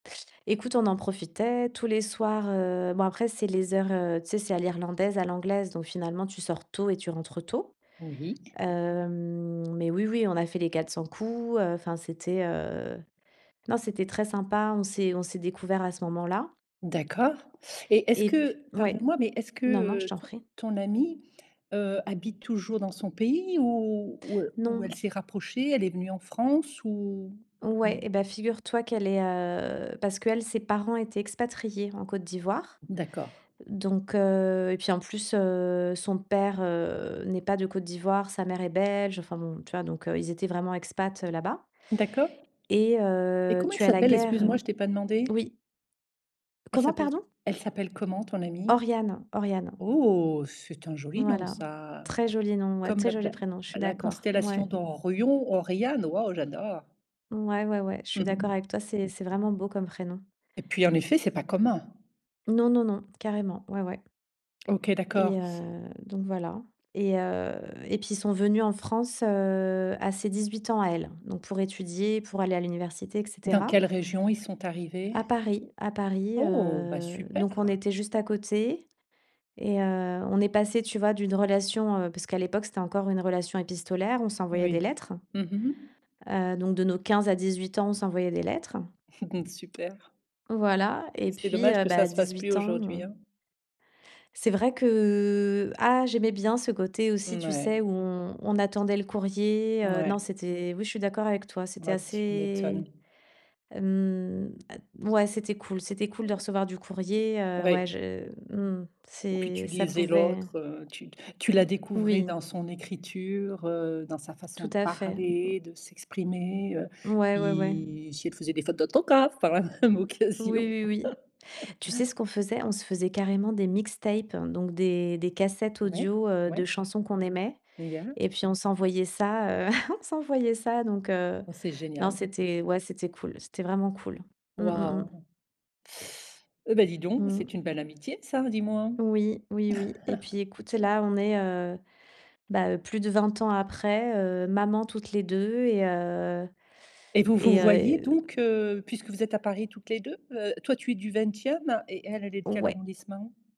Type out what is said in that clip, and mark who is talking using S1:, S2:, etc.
S1: Écoute, on en profitait tous les soirs, heu, bon après, c'est les heures, heu, tu sais, c'est à l'irlandaise, à l'anglaise, donc finalement, tu sors tôt et tu rentres tôt.
S2: Oui.
S1: Hem, mais oui, oui, on a fait les quatre cents coups, heu, enfin c'était, heu, non, c'était très sympa. On s'est on s'est découvert à ce moment là.
S2: D'accord, et est-ce
S1: Et p
S2: que
S1: ouais?
S2: pardonne moi, mais est-ce que,
S1: Non, non, je
S2: heu,
S1: t'en
S2: ton
S1: prie.
S2: ton amie, heu, habite toujours dans son pays ou ou e ou
S1: Non.
S2: elle s'est rapprochée, elle est venue en France ou? Mmh.
S1: Ouais et bah, figure toi qu'elle est, heu parce qu'elle, ses parents étaient expatriés en Côte d'Ivoire,
S2: D'accord.
S1: donc heu, et puis, en plus, heu, son père, heu, n'est pas de Côte d'Ivoire, sa mère est belge. Enfin bon, tu vois? Donc heu, ils étaient vraiment expats là-bas.
S2: D'accord.
S1: Et
S2: Et
S1: heu,
S2: comment elle
S1: tu as la
S2: s'appelle? Excuse moi,
S1: guerre.
S2: je t'ai pas demandé.
S1: Oui.
S2: Elle
S1: Comment?
S2: s'appelle
S1: Pardon?
S2: elle s'appelle comment, ton amie?
S1: Oriane, Oriane.
S2: Oh, c'est un joli nom,
S1: Voilà,
S2: ça.
S1: très joli nom, ouais,
S2: Comme
S1: très
S2: la
S1: joli
S2: pla
S1: prénom, je suis
S2: la
S1: d'accord.
S2: constellation
S1: Ouais.
S2: d'Orion, Oriane, waouh, j'adore.
S1: Ouais, ouais, ouais, je suis d'accord avec toi, c'est c'est vraiment beau comme prénom.
S2: Et puis, en effet, c'est pas commun.
S1: Non, non, non, carrément. Ouais, ouais.
S2: OK, d'accord.
S1: Et heu, donc voilà, et heu, et puis ils sont venus en France, heu, à ses 18 ans à elle, donc pour étudier, pour aller à l'université, et
S2: Dans
S1: cetera.
S2: quelle région, ils sont
S1: À
S2: arrivés?
S1: Paris, à Paris,
S2: Oh, bah,
S1: heu, donc on
S2: super.
S1: était juste à côté, et heu, on est passées, tu vois? D'une relation, heu parce qu'à l'époque, c'était encore une relation épistolaire, on s'envoyait des
S2: Oui.
S1: lettres.
S2: Mmh mh.
S1: Heu, donc de nos 15 à 18 ans, on s'envoyait des lettres.
S2: Super.
S1: Voilà,
S2: C'est
S1: et
S2: c'est
S1: puis,
S2: dommage
S1: heu,
S2: que ça
S1: bah,
S2: se fasse plus
S1: 18
S2: aujourd'hui,
S1: ans.
S2: hein.
S1: C'est vrai que ah, j'aimais bien ce côté aussi,
S2: N
S1: tu
S2: ouais.
S1: sais, où on on attendait le courrier,
S2: N
S1: heu,
S2: ouais.
S1: non, c'était oui, je suis d'accord avec toi, c'était
S2: Oh, tu
S1: assez
S2: m'étonnes.
S1: hem, heu, ouais, c'était cool c'était cool de recevoir du courrier, heu,
S2: Ouais.
S1: ouais, je mmh,
S2: Puis,
S1: c'est
S2: tu
S1: ça
S2: lisais
S1: pouvait
S2: l'autre, heu, tu tu la découvrais
S1: Oui.
S2: dans son écriture, heu, dans sa façon
S1: Tout
S2: de
S1: à fait. Mmh.
S2: parler, de s'exprimer, heu,
S1: Ouais, ouais, ouais.
S2: i si elle faisait des fautes d'autographes par la même occasion.
S1: Oui, oui, oui. Tu sais ce qu'on faisait? On se faisait carrément des mixtapes, donc des des cassettes
S2: Ouais.
S1: audio, heu,
S2: Ouais.
S1: de chansons qu'on aimait,
S2: [unintelligible]
S1: et puis on s'envoyait ça, heu, on s'envoyait ça donc heu,
S2: Oh, c'est
S1: non,
S2: génial.
S1: c'était ouais, c'était cool, c'était vraiment cool. Mmh, mmh, mmh.
S2: Waouh. Et bah, dis donc
S1: Mmh.
S2: c'est une belle amitié ça, dis-moi.
S1: Oui, oui, oui, et puis écoute, là, on est, heu, bah, plus de 20 ans après, heu, maman toutes les 2 et heu,
S2: Et vous vous
S1: et
S2: voyez
S1: heu
S2: donc heu, puisque vous êtes à Paris toutes les 2? Heu, toi tu es du 20e et elle, elle est de quel
S1: Ouais.
S2: arrondissement?